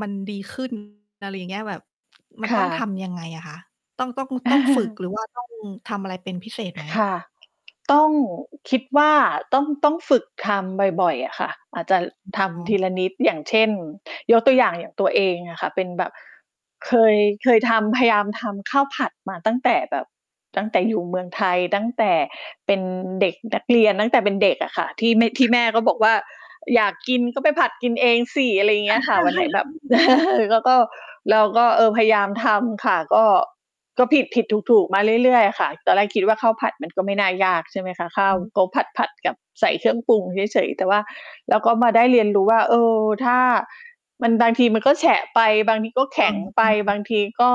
มันดี ขึ้น อะไรอย่างเงี้ย แบบมันคต้่องทะ ำยังไงอะคะ ต้อง ต้อง ต้องฝึกหรือว่าต้องทำอะไรเป็นพิเศษไหม? ค่ะ ต้อง คิดว่าต้อง ต้องฝึกทำบ่อย ๆ อะค่ะ อาจจะทอ๋ำทีละอ นิด อย่างเช่น ยกตัวอย่าง อย่างตัวเองอะค่ะ เป็นแบบ เคย เคยทำ พยายามทำข้าวผัดมาตั้งแต่แบบ ตั้งแต่อยู่เมืองไทย ตั้งแต่เป็นเด็กนักเรียน ตั้งแต่เป็นเด็กอะค่ะ ที่ไม่ ทคี่่แม่ะ ก็บอกว่า "อยากกินก็ไปผัดกินเองสิ" อะไรอย่างเงี้ยค่ะ วันไหนแบบ แล้วก็ เราก็ เออ พยายามทำค่ะ ก็ ก็ผิด ๆ ถูก ๆ มาเรื่อย ๆ อะค่ะ ตอนแรกคิดว่าข้าวผัดมันก็ไม่น่ายากใช่ไหมคะ ข้อาืวม ก็ผค่ะ ัด ๆ กับใส่เครื่องปรุงเฉย ๆ แต่ว่า แล้วก็มาได้เรียนรู้ว่า เออ ถ้ามันบางทีมันก็แฉะไป บางทีก็เอแขอ ็งไอป ืบอ างทีก็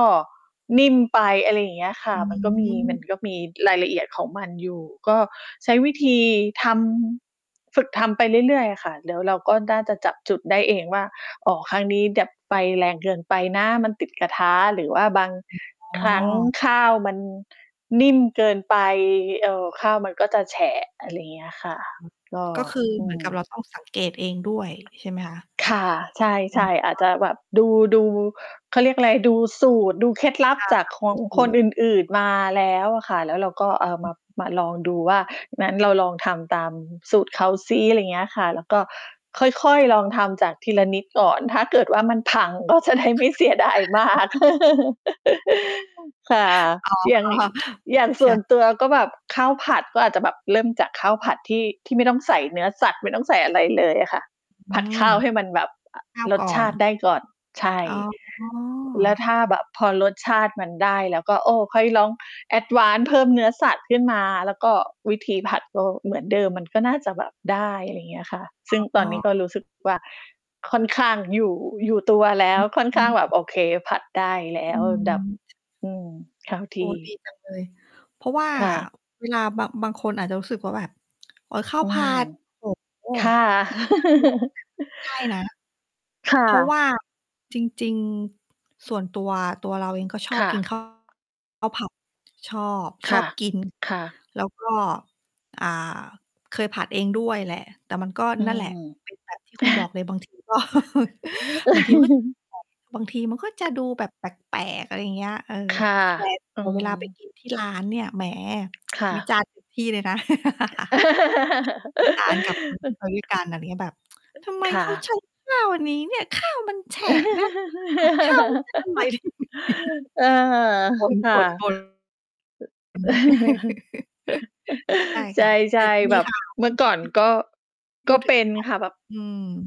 นิ่มไป อะ ไร อย่างเงี้ยค่อะ ืมันก็มี มันม ก็มีรายละเอียดของมันอยู่ ก็ใช้วิธีทำ ฝึกทำไปเรื่อย ๆ อะค่ะ แล้วเราก็น่าจะจับจุดได้เองว่า อ๋อ ครั้งนี้แบบไฟแรงเกินไปนะมันติดกระทะ หรือว่าบางอืม อ๋ครั้งอ ข้าวมันนิ่มเกินไป ค่ะ เอ่อ ข้าวมันก็จะแฉะ อะไรอย่างเงี้ยคอ่ะ ก็ า ก็คืออเืหมือนกับเรม าต้องสังเกตเองด้วยใช่ไหมคะ? ค่ะ ใชอ่ ๆ อาจ๋อ จะแบบดู ดู เขาเรียกอะไร ดูสูตร ดูเคล็ดลับค่ะ จากขๆ ออืงอฮคนึ อื่น ๆ มาแล้วอะค่ะ แล้วเราก็เอาอมืา ม มาลองดูว่า งั้นเราลองทำตามสูตรเขาซิ อะไรอย่างเงี้ยค่ะ แล้วก็ค่อย ๆ ลองทำจากทีละนิดก่อน ถ้าเกิดว่ามันพัง ก็จะได้คไม่่เสียดะ ายมาก ค่ะ อ๋อ อย่าง อย่างสใช่วน่ ตัวก็แบบข้าวผัดก็อาจจะแบบเริ่มจากข้าวผัดที่ ที่ไม่ต้องใส่เนื้อสัตว์ ไม่ต้องใส่อะไรเลยอะค่ะ อืผัดขม ้าวให้มันแบบอะข้าวรกส่อชน าติได้ก่อน ใช่ อ๋แล้วอ ถ้าแบบพอรสชาติมันได้ แล้วก็ โอ้ ค่อยลอง Advance เพิ่มเนื้อสัตว์ขึ้นมา แล้วก็วิธีผัดก็เหมือนเดิมมันก็น่าจะแบบได้ อะไรเงี้ยค่ะ ซึ่งตออ๋นนี้ก็อ รู้สึกว่า ค่อนข้างอยู่ อยู่ตัวแล้อว ค่อนขื้างแบบม โอเค ผัดได้แล้อืว แบบ ม ช อืม เข้าทโอ้ ี่ ดีจังเลย เพราะว่าค่ะ เวลาบาง บางคนอาจจะรู้สึกว่าแบบ โอ้ ข้าวอืผัม ด โอ้ ค่ะ ใช่นะ ค่เพราะวะ ่าจริง ๆ ส่วนตัว ตัวเราเองก็ชอคบ่กิน ะ ข้าว ข้าวผัด ชอบ คชอ่ะ บกิน ค่ะ แล้วก็ อ่า เคยผัดเองด้วยแหละ แต่มันก็อืนั่นแหละ เป็นแบบ ที่คุณบอกเลยบาง ที ก็ ม บางทีมันก็ ไฟ บางทีมันก็จะดูแบบแปลก ๆ อะไรอย่างเงี้ย เออ ค่ะ แต่ อืแต่เวลาไปม กินที่ร้านเนี่ย แหม ค่วิะ จารณ์ เต็ม ที่เลยนะ วิ จารณ์กับ คนที่ ไปด้วยกัน อะไรอย่างงี้แบบ "ทำไมค่เขาใชะ ้ข้าวอันนี้เนี่ย ข้าวมันแฉะนะ คือแบบ ผัดข้าว มันไม่อร่อย อา คบ่ะ ่น ๆ บ่น ใช่ ใชค่ะ แต่ ่ๆ แมบี บข่าว เมื่อก่อนก็ พกู็ด ถเึปง ็นค่ะ แบบ อืม